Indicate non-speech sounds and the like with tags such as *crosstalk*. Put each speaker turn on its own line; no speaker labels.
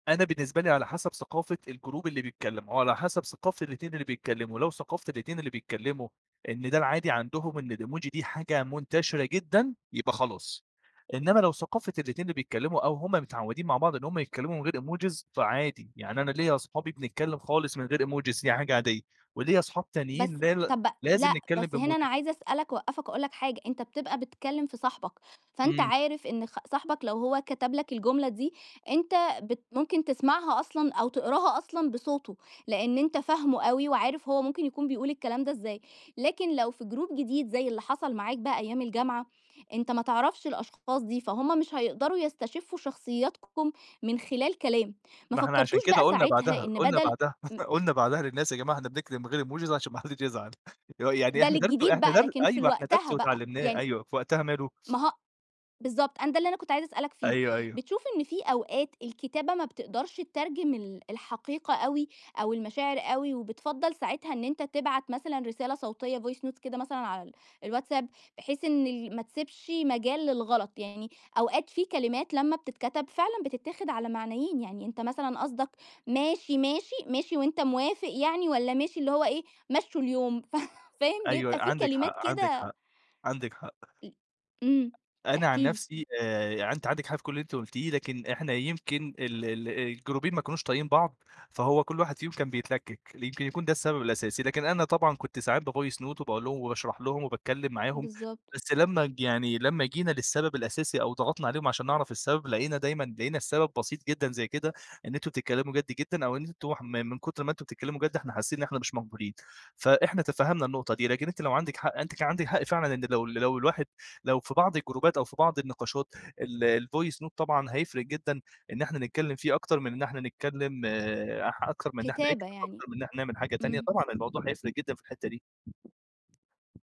أنا بالنسبة لي على حسب ثقافة الجروب اللي بيتكلّم وعلى حسب ثقافة الاتنين اللي بيتكلّموا، لو ثقافة الاتنين اللي بيتكلّموا إن ده العادي عندهم إن الإيموجي دي حاجة منتشرة جدًا، يبقى خلاص. إنّما لو ثقافة الاتنين اللي بيتكلّموا أو هم متعوّدين مع بعض إن هم يتكلّموا من غير إيموجيز، فعادي. يعني أنا ليّا أصحابي بنتكلّم خالص من غير إيموجيز دي حاجة عادية وليّا أصحاب
بس
تانيين لا ل
طب
لازم
لأ،
نتكلّم
بس هنا أنا
بإيموجيز.
عايزة أسأل لك، أوقّفك وأقول لك حاجة، أنت بتبقى بتكلّم في صاحبك، فأنت
إمم.
عارف إن خ صاحبك لو هو كتب لك الجملة دي أنت بت ممكن تسمعها أصلًا أو تقراها أصلًا بصوته، لإن أنت فاهمه أوي وعارف هو ممكن يكون بيقول الكلام ده إزاي. لكن لو في جروب جديد، زي اللي حصل معاك بقى أيام الجامعة، أنت ما تعرفش الأشخاص دي، فهُم مش هيقدروا يستشفّوا شخصيتكم من خلال كلام. ما
ما إحنا عشان
فكّرتوش
كده
بقى
قُلنا
ساعتها
بعدها،
إن
قُلنا
بَدَل
بعدها،
م
*chuckles* قُلنا بعدها للناس: "يا جماعة إحنا بنكتب من غير إيموجيز عشان ما حدّش يزعل." إيه را يعني
ده
إحنا درس
للجديد
إحنا
بقى
درس
لكن في ال
أيوة. إحنا درس
وقتها بقى
واتعلّمناه
يعني
أيوه. في وقتها ماله؟
ما ه بالضبط. أنا ده اللي أنا كنت عايزة أسألك فيه،
أيوه، أيوه.
بتشوف إن في أوقات الكتابة ما بتقدرش تترجم ال الحقيقة أوي أو المشاعر أوي وبتفضّل ساعتها إن أنت تبعت مثلًا رسالة صوتية voice notes كده مثلًا على ال الواتساب بحيث إن ال ما تسبش مجال للغلط؟ يعني أوقات في كلمات لمّا بتتكتب فعلًا بتتاخد على معنيين، يعني أنت مثلًا قصدك ماشي، ماشي، ماشي وأنت موافق يعني والّا ماشي اللي هو إيه، مشُّوا اليوم ف فاهم؟
أيوه.
بيبقى في
عندِك حق،
كلمات
عندِك
كده
حق. عندِك حق.
أ إمم.
أنا
احكِ
عن
لي.
نفسي آآ، يعني أنتِ عندِك حق في كل اللي أنتِ قُلتيه، لكن إحنا يمكن ال ال آآ، الجروبين ما كانوش طايقين بعض، فهو كل واحد فيهم كان بيتلكِّك، يمكن يكون ده السبب الأساسي. لكن أنا طبعًا كنت ساعات بvoice note وباقول لهم وباشرح لهم وباتكلّم معاهم،
بالضبط.
بس لمّا ج يعني لمّا جينا للسبب الأساسي أو ضغطنا عليهم عشان نعرف السبب، لقينا دايمًا لقينا السبب بسيط جدًا زي كده، إن أنتم تتكلّموا جَد جدًا أو إن أنتم ح من كُتر ما أنتم بتتكلّموا جَد إحنا حاسّين إن إحنا مش مقبولين، فإحنا تفهّمنا النقطة دي، لكن أنتِ لو عندِك حق أنتِ كان عندِك حق فعلًا إن لو ال لو الواحد لو في بعض الجروبات أو في بعض النقاشات ال الvoice note طبعًا هيفرق جدًا إن إحنا نتكلّم فيه أكتر من إن إحنا نتكلّم أح أكتر من إن إحنا
كتابة
نكتب،
يعني.
أكتر من إحنا نعمل حاجة تانية،
إمم.
طبعًا الموضوع هيفرق جدًا في الحتّة دي.